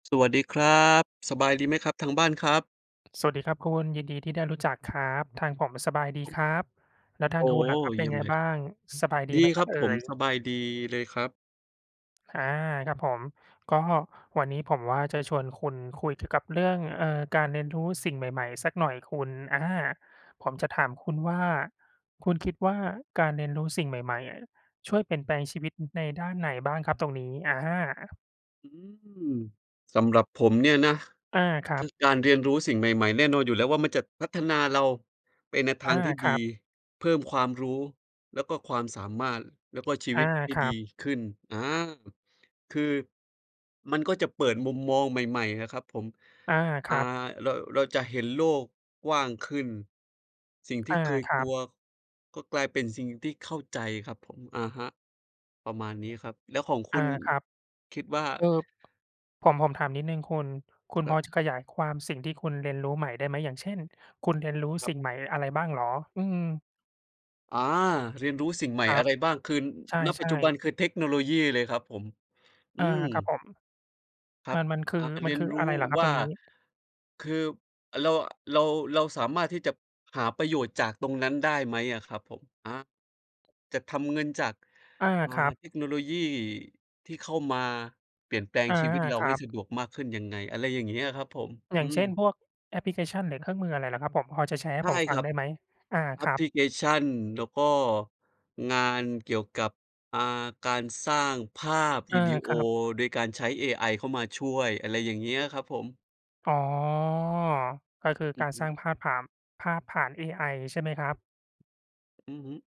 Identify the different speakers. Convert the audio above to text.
Speaker 1: สวัสดีครับ สบายดีไหมครับทางบ้านครับ?
Speaker 2: สวัสดีครับคุณ ยินดีที่ได้รู้จักครับ ทางผมสบายดี
Speaker 1: อึ
Speaker 2: ค
Speaker 1: บ
Speaker 2: รับ แล้วท
Speaker 1: โ
Speaker 2: า
Speaker 1: อ
Speaker 2: ง
Speaker 1: ้
Speaker 2: คุณน่ะครับ
Speaker 1: เ
Speaker 2: เป
Speaker 1: ย
Speaker 2: ็
Speaker 1: ี
Speaker 2: น
Speaker 1: ่ยม
Speaker 2: ไง
Speaker 1: เลย
Speaker 2: บ
Speaker 1: ค
Speaker 2: ้
Speaker 1: ร
Speaker 2: า
Speaker 1: ับ
Speaker 2: ง? สบายดี
Speaker 1: ดี
Speaker 2: ไหมค
Speaker 1: ค
Speaker 2: รั
Speaker 1: รั
Speaker 2: บ
Speaker 1: บ
Speaker 2: เอ่
Speaker 1: ผม ส
Speaker 2: ย?
Speaker 1: บายดีเลยครับ
Speaker 2: อา ครับผม ก็วันนี้ผมว่า จะชวนคุณคุยถึงกับเรื่อง เออ การเรียนรู้สิ่งใหม่ ๆ สักหน่อยคุณ อา ผมจะถามคุณว่า คุณคิดว่าการเรียนรู้สิ่งใหม่ ๆ อะ ช่วยเปลี่ยนแปลงชีวิต อือ ในด้านไหนบ้างครับตรงนี้? อา
Speaker 1: อืม สำหรับผมเนี่ยนะ
Speaker 2: อา ครั
Speaker 1: คื
Speaker 2: บ
Speaker 1: อการเรียนรู้สิ่งใหม่ ๆ แน่นอนอยู่แล้วว่า มันจะพัฒนาเราไปในท
Speaker 2: อ
Speaker 1: า
Speaker 2: า
Speaker 1: งที่
Speaker 2: ค
Speaker 1: ดี
Speaker 2: รับ
Speaker 1: เพิ่มความรู้ แล้วก็ความสามารถ แล้วก็ชี
Speaker 2: อ
Speaker 1: ว
Speaker 2: า
Speaker 1: ิตให้
Speaker 2: ครั
Speaker 1: ดี
Speaker 2: บ
Speaker 1: ขึ้น อา คือ มันก็จะเปิดมุมมองใหม่ ๆ นะครับผม
Speaker 2: อา ค
Speaker 1: อ่า
Speaker 2: รับ
Speaker 1: เรา เราจะเห็นโลกกว้างขึ้น สิ่งท
Speaker 2: อ
Speaker 1: ี่
Speaker 2: า
Speaker 1: เคย
Speaker 2: คร
Speaker 1: ก
Speaker 2: ั
Speaker 1: ลั
Speaker 2: บ
Speaker 1: วก็กลายเป็นสิ่งที่เข้าใจครับผม อะฮะ ประมาณนี้ครับ แล้วของค
Speaker 2: อ
Speaker 1: ุ
Speaker 2: า
Speaker 1: ณ
Speaker 2: ครับ
Speaker 1: คิดว่า?
Speaker 2: เอ่อ ผม ผมถามนิดหนึ่งคุณ คุณ
Speaker 1: คร
Speaker 2: พ
Speaker 1: ั
Speaker 2: อ
Speaker 1: บ
Speaker 2: จะขยายความสิ่งที่คุณเรียนรู้ใหม่ได้ไหม? อย่างเช่น คุณเรียนรู้
Speaker 1: ค
Speaker 2: ส
Speaker 1: รับ
Speaker 2: ิ่งใหม่หรืออะไรบ้างเหรอ? อืม
Speaker 1: อา เรียนรู้สิ่งใหม
Speaker 2: ค
Speaker 1: ่
Speaker 2: ร
Speaker 1: อ
Speaker 2: ั
Speaker 1: ะ
Speaker 2: บ
Speaker 1: ไรบ้าง? คือ
Speaker 2: ใช
Speaker 1: ณ ปัจจ
Speaker 2: ่
Speaker 1: ุบัน
Speaker 2: ๆ
Speaker 1: คือเทคโนโลยีเลยครับผม อื
Speaker 2: อา
Speaker 1: ม
Speaker 2: ครับผม
Speaker 1: ครั
Speaker 2: ม
Speaker 1: บ
Speaker 2: ัน มันคื
Speaker 1: อ
Speaker 2: อ
Speaker 1: ่า เ
Speaker 2: ม
Speaker 1: ร
Speaker 2: ั
Speaker 1: ี
Speaker 2: น
Speaker 1: ย
Speaker 2: ค
Speaker 1: น
Speaker 2: ือ
Speaker 1: ร
Speaker 2: อ
Speaker 1: ู
Speaker 2: ะไ
Speaker 1: ้
Speaker 2: รเหรอครั
Speaker 1: ว
Speaker 2: บ
Speaker 1: ่
Speaker 2: ตร
Speaker 1: า
Speaker 2: งนี้?
Speaker 1: คือเรา เรา เราสามารถที่จะหาประโยชน์จากตรงนั้นได้ไหมอะครับผม? อา จะทำเงินจาก
Speaker 2: อา
Speaker 1: อ่า
Speaker 2: ครับ
Speaker 1: เทคโนโลยีที่เข้ามาเปลี่ยนแปลง
Speaker 2: อา
Speaker 1: ชีวิตเรา
Speaker 2: คร
Speaker 1: ใ
Speaker 2: ั
Speaker 1: ห้
Speaker 2: บ
Speaker 1: สะดวกมากขึ้นยังไง? อะไรอย่างเงี้ยครับผม
Speaker 2: อย
Speaker 1: อ
Speaker 2: ่
Speaker 1: ื
Speaker 2: างเช่น
Speaker 1: ม
Speaker 2: พวกแอปพลิเคชันหรือเครื่องมืออะไรเหรอครับผม? พอจะแชร์ให
Speaker 1: ใ
Speaker 2: ้
Speaker 1: ช่
Speaker 2: ผมฟ
Speaker 1: ค
Speaker 2: ั
Speaker 1: ร
Speaker 2: ง
Speaker 1: ับ
Speaker 2: ได้ไหม? อา
Speaker 1: แอ
Speaker 2: ค
Speaker 1: ป
Speaker 2: รั
Speaker 1: พ
Speaker 2: บ
Speaker 1: ลิเคชัน แล้วก็งานเกี่ยวกับ อา การสร้างภาพ
Speaker 2: อ
Speaker 1: ว
Speaker 2: า
Speaker 1: ิดีโอ
Speaker 2: ครับ
Speaker 1: โอยการใช้เอไอเข้ามาช่วย อะไรอย่างเงี้ยครับผม
Speaker 2: อ๋อ ก็คือ
Speaker 1: อื
Speaker 2: ก
Speaker 1: อ
Speaker 2: าร
Speaker 1: ฮ
Speaker 2: สร้า
Speaker 1: ึ
Speaker 2: งภาพผ่าม ภาพผ่านเอไอใช่ไหมครับ?
Speaker 1: อือฮึ